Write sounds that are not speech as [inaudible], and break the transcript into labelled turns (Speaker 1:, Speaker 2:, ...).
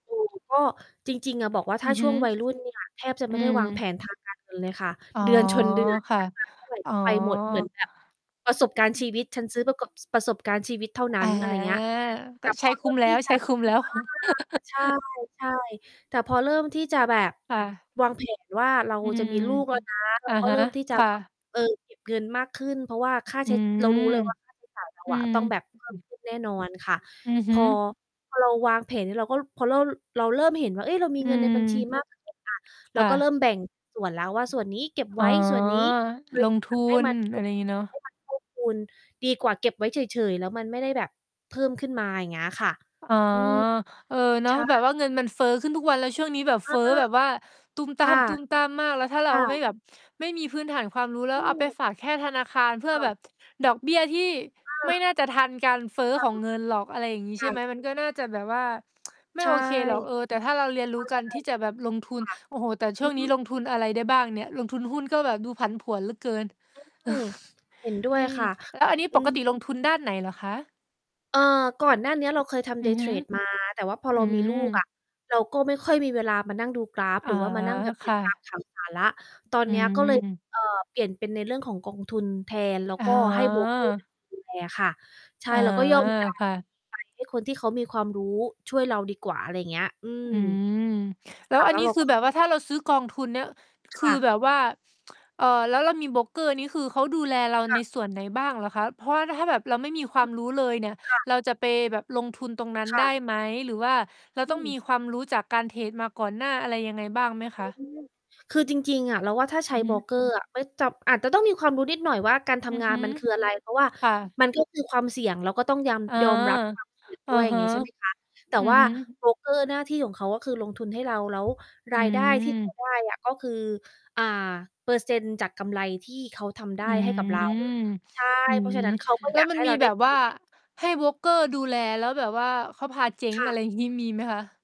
Speaker 1: อยู่ ก็ จริง ๆ อะ บอกว่าถ
Speaker 2: อื
Speaker 1: ้า
Speaker 2: อ
Speaker 1: ช
Speaker 2: ฮ
Speaker 1: ่
Speaker 2: ึ
Speaker 1: วงวัยรุ่น เนี่ย แทบจะ
Speaker 2: อ
Speaker 1: ไ
Speaker 2: ื
Speaker 1: ม่ได้
Speaker 2: ม
Speaker 1: วางแผน ทางการ เงินเลยค่ะ
Speaker 2: อ๋อ
Speaker 1: เดือนชนเดือน
Speaker 2: ค
Speaker 1: ใช
Speaker 2: ่ะ
Speaker 1: ้มาเท่าไร
Speaker 2: อ๋
Speaker 1: ก
Speaker 2: อ
Speaker 1: ็ไป หมด เหมือนแบบประสบการณ์ชีวิต ฉันซื้อประกบ ประสบการณ์ชีวิตเท่าน
Speaker 2: อ
Speaker 1: ั้
Speaker 2: า
Speaker 1: น อะไรอย่างเงี้ย แต
Speaker 2: ก็
Speaker 1: ่
Speaker 2: ใช
Speaker 1: พ
Speaker 2: ้
Speaker 1: อเ
Speaker 2: ค
Speaker 1: ลื
Speaker 2: ุ้
Speaker 1: อ
Speaker 2: ม
Speaker 1: ก
Speaker 2: แ
Speaker 1: ท
Speaker 2: ล
Speaker 1: ี
Speaker 2: ้ว
Speaker 1: ่จ
Speaker 2: ใช
Speaker 1: ะ
Speaker 2: ้คุ้มแล้ว
Speaker 1: อา ใช่
Speaker 2: [laughs]
Speaker 1: ใช่ แต่พอเริ่มที่จะแบบ
Speaker 2: ค่ะ
Speaker 1: วาง แผน ว่า เรา
Speaker 2: อื
Speaker 1: จะม
Speaker 2: ม
Speaker 1: ีลูกแล้วนะ เร
Speaker 2: อ
Speaker 1: า
Speaker 2: ะ
Speaker 1: ก็
Speaker 2: ฮ
Speaker 1: เ
Speaker 2: ะ
Speaker 1: ริ่มที่ จ
Speaker 2: ค
Speaker 1: ะ
Speaker 2: ่ะ
Speaker 1: เออ เก็บเงินมากขึ้น เพราะว่าค่า
Speaker 2: อ
Speaker 1: ใ
Speaker 2: ื
Speaker 1: ช้ เร
Speaker 2: ม
Speaker 1: ารู้เลย ว่า ค่าใช้จ่าย เรา
Speaker 2: อื
Speaker 1: อะ
Speaker 2: ม
Speaker 1: ต้องแบบ เพิ่ม
Speaker 2: [unintelligible]
Speaker 1: ขึ้น แน่นอนค่ะ
Speaker 2: อือฮ
Speaker 1: พ
Speaker 2: ึ
Speaker 1: อ พอเราวางแผน เราก็ เพราะเรา เราเริ่มเห็นว่า เฮ้ย เรามี
Speaker 2: อื
Speaker 1: เงินในบัญชี
Speaker 2: ม
Speaker 1: มากขึ้นอะ เร
Speaker 2: ค
Speaker 1: า
Speaker 2: ่
Speaker 1: ก็เริ่
Speaker 2: ะ
Speaker 1: มแบ่งส่วนแล้วว่า ส่วนนี้เก็บไ
Speaker 2: อ
Speaker 1: ว
Speaker 2: ๋อ
Speaker 1: ้ ส่วนนี้บริ
Speaker 2: ลงท
Speaker 1: ษั
Speaker 2: ุ
Speaker 1: ทให้
Speaker 2: น
Speaker 1: มา ค
Speaker 2: อ
Speaker 1: ื
Speaker 2: ะ
Speaker 1: อ
Speaker 2: ไรอย่างงี้เนาะ
Speaker 1: ให้มันเพิ่มพูน ดีกว่าเก็บไว้เฉย ๆ แล้วมันไม่ได้แบบเพิ่มขึ้นมา อย่างเงี้ยค่ะ
Speaker 2: อ๋อ
Speaker 1: อืม
Speaker 2: เออ เนา
Speaker 1: ใ
Speaker 2: ะ
Speaker 1: ช่
Speaker 2: แบบว่าเงินมันเฟ้อขึ้นทุกวัน แล้วช่วงนี้แบบ
Speaker 1: อ
Speaker 2: เฟ
Speaker 1: า
Speaker 2: ้อแบบว่าตู้มต
Speaker 1: ค
Speaker 2: ้
Speaker 1: ่ะ
Speaker 2: าม ๆ มาก แล้วถ้าเร
Speaker 1: ค
Speaker 2: า
Speaker 1: ่
Speaker 2: ไม่
Speaker 1: ะ
Speaker 2: แบบ ไม่มีพื้นฐานความรู้ แล้
Speaker 1: อ
Speaker 2: ว
Speaker 1: ื
Speaker 2: เอาไป
Speaker 1: อ
Speaker 2: ฝากแค่ธนาคารเพื่
Speaker 1: ค
Speaker 2: อ
Speaker 1: ่
Speaker 2: แบ
Speaker 1: ะ
Speaker 2: บ [tsk] ดอกเบี้ยที่
Speaker 1: อ
Speaker 2: ไม่
Speaker 1: า
Speaker 2: น่าจะทันการเฟ้อ
Speaker 1: ค่ะ
Speaker 2: ของเงินหรอก อะไรอย่างงี้
Speaker 1: ค
Speaker 2: ใช
Speaker 1: ่
Speaker 2: ่ไหม
Speaker 1: ะ
Speaker 2: มันก็น่าจะแบบว่า [tsk] ไม
Speaker 1: ใ
Speaker 2: ่
Speaker 1: ช่
Speaker 2: โอเคหรอก เออ แต่ถ้าเราเรียนรู้การที่จะแบบลงทุ
Speaker 1: ใช่ ค
Speaker 2: น
Speaker 1: ่ะ
Speaker 2: โอ้โฮ แต่ช
Speaker 1: อ
Speaker 2: ่
Speaker 1: ื
Speaker 2: วงนี้
Speaker 1: ม
Speaker 2: ลงทุนอะไรได้บ้างเนี่ย? ลงทุนหุ้น ก็แบบดูผันผวนเหลือเกิน
Speaker 1: อืม เห็นด้
Speaker 2: [sighs] อ
Speaker 1: ว
Speaker 2: ื
Speaker 1: ย
Speaker 2: ม
Speaker 1: ค่ะ
Speaker 2: แล้วอันนี้
Speaker 1: อื
Speaker 2: ปก
Speaker 1: ม
Speaker 2: ติลงทุนด้านไหนเหรอคะ?
Speaker 1: เอ่อ ก่อนหน้าเนี้ยเราเคยทำ
Speaker 2: อือ
Speaker 1: Day
Speaker 2: ฮึ
Speaker 1: trade มา แต่ว่าพอเ
Speaker 2: อ
Speaker 1: ร
Speaker 2: ื
Speaker 1: ามีลูกอ
Speaker 2: ม
Speaker 1: ะ เราก็ไม่ค่อยมีเวลามานั่งดูกราฟ
Speaker 2: อ
Speaker 1: ห
Speaker 2: ๋
Speaker 1: ร
Speaker 2: อ
Speaker 1: ือว่ามานั่งแบบ
Speaker 2: ค
Speaker 1: ติด
Speaker 2: ่
Speaker 1: ตาม
Speaker 2: ะ
Speaker 1: ข่าวสารแล้ว ตอน
Speaker 2: อื
Speaker 1: เนี้ยก็เลย
Speaker 2: ม
Speaker 1: เอ่อ เปลี่ยนเป็นในเรื่องของกองทุนแทน แล้ว
Speaker 2: อ๋
Speaker 1: ก
Speaker 2: อ
Speaker 1: ็ให้ โบรกเกอร์เป็น ดูแลค่ะ ใช่
Speaker 2: อ๋อ
Speaker 1: เราก็ยอม จ่าย
Speaker 2: ค
Speaker 1: เ
Speaker 2: ่ะ
Speaker 1: งินไป คนที่เขามีความรู้ช่วยเราดีกว่า อะไรอย่างเงี้ย อืม
Speaker 2: อืม แล
Speaker 1: ค
Speaker 2: ้ว
Speaker 1: ่ะ
Speaker 2: อั
Speaker 1: แล
Speaker 2: น
Speaker 1: ้ว
Speaker 2: นี้
Speaker 1: เรา
Speaker 2: คือ
Speaker 1: ก็
Speaker 2: แบบว่าถ้าเราซื้อกองทุนเนี่ย
Speaker 1: ค
Speaker 2: คือ
Speaker 1: ่ะ
Speaker 2: แบบว่า เอ่อ แล้วเรามีโบรกเกอร์ นี่คือเขาดูแลเรา
Speaker 1: ค่
Speaker 2: ใน
Speaker 1: ะ
Speaker 2: ส่วนไหนบ้างเหรอคะ? เพราะว่าถ้าแบบเราไม่มีคว
Speaker 1: อ
Speaker 2: า
Speaker 1: ื
Speaker 2: ม
Speaker 1: อ
Speaker 2: รู้เลยเนี่ย
Speaker 1: ค่ะ
Speaker 2: เราจะไปแบบลงทุนตรงนั้น
Speaker 1: ค่
Speaker 2: ได้
Speaker 1: ะ
Speaker 2: ไหม? หรือว่าเรา
Speaker 1: อื
Speaker 2: ต้องม
Speaker 1: ม
Speaker 2: ีความรู้จากการเทรดมาก่อนหน้า อะไรยังไงบ้างไหม
Speaker 1: อ
Speaker 2: ค
Speaker 1: ื
Speaker 2: ะ?
Speaker 1: ม คือจริง ๆ อะ เราว่า ถ้าใช
Speaker 2: อื
Speaker 1: ้
Speaker 2: อฮ
Speaker 1: โบร
Speaker 2: ึ
Speaker 1: กเกอร์อะ ไว้จับ อาจจะต้องมีความรู้นิดหน่อยว่า การท
Speaker 2: อือ
Speaker 1: ำงา
Speaker 2: ฮ
Speaker 1: น
Speaker 2: ึ
Speaker 1: มันคืออะไร เพราะว่า
Speaker 2: ค่ะ
Speaker 1: มันก็คือความเสี่ยง เราก็ต้องย
Speaker 2: อ๋อ
Speaker 1: ำ ยอมรับ ความเสี่ยง
Speaker 2: อ
Speaker 1: ด้
Speaker 2: ะ
Speaker 1: วย อย่า
Speaker 2: ฮ
Speaker 1: งง
Speaker 2: ะ
Speaker 1: ี้ ใช่ ไหมคะ แต่
Speaker 2: อือ
Speaker 1: ว่า
Speaker 2: ฮึ
Speaker 1: โบรกเกอร์หน้าที่ของเขาก็คือลงทุนให้เรา แล้ว
Speaker 2: อ
Speaker 1: ร
Speaker 2: ื
Speaker 1: ายได้ ที่เขา
Speaker 2: ม
Speaker 1: ได้อะ ก็คือ อ่า เปอร์เซ็นต์จากกำไรที่เขาทำได้
Speaker 2: อื
Speaker 1: ให้กับเรา
Speaker 2: ม
Speaker 1: ใช่
Speaker 2: [sniffs] อื
Speaker 1: เพราะฉะ
Speaker 2: อ
Speaker 1: นั้นเขาก็
Speaker 2: แ
Speaker 1: อ
Speaker 2: ล
Speaker 1: ย
Speaker 2: ้ว
Speaker 1: าก
Speaker 2: มั
Speaker 1: ใ
Speaker 2: น
Speaker 1: ห้
Speaker 2: ม
Speaker 1: เร
Speaker 2: ี
Speaker 1: าได
Speaker 2: แ
Speaker 1: ้
Speaker 2: บบ
Speaker 1: ก
Speaker 2: ว่
Speaker 1: ำ
Speaker 2: า
Speaker 1: ไร
Speaker 2: ให้โบรกเกอร์ดูแล แล้วแบบว่าเขาพาเจ๊
Speaker 1: ค
Speaker 2: ง
Speaker 1: ่
Speaker 2: อะ
Speaker 1: ะ
Speaker 2: ไรอย่าง งี้ มีไหมคะ?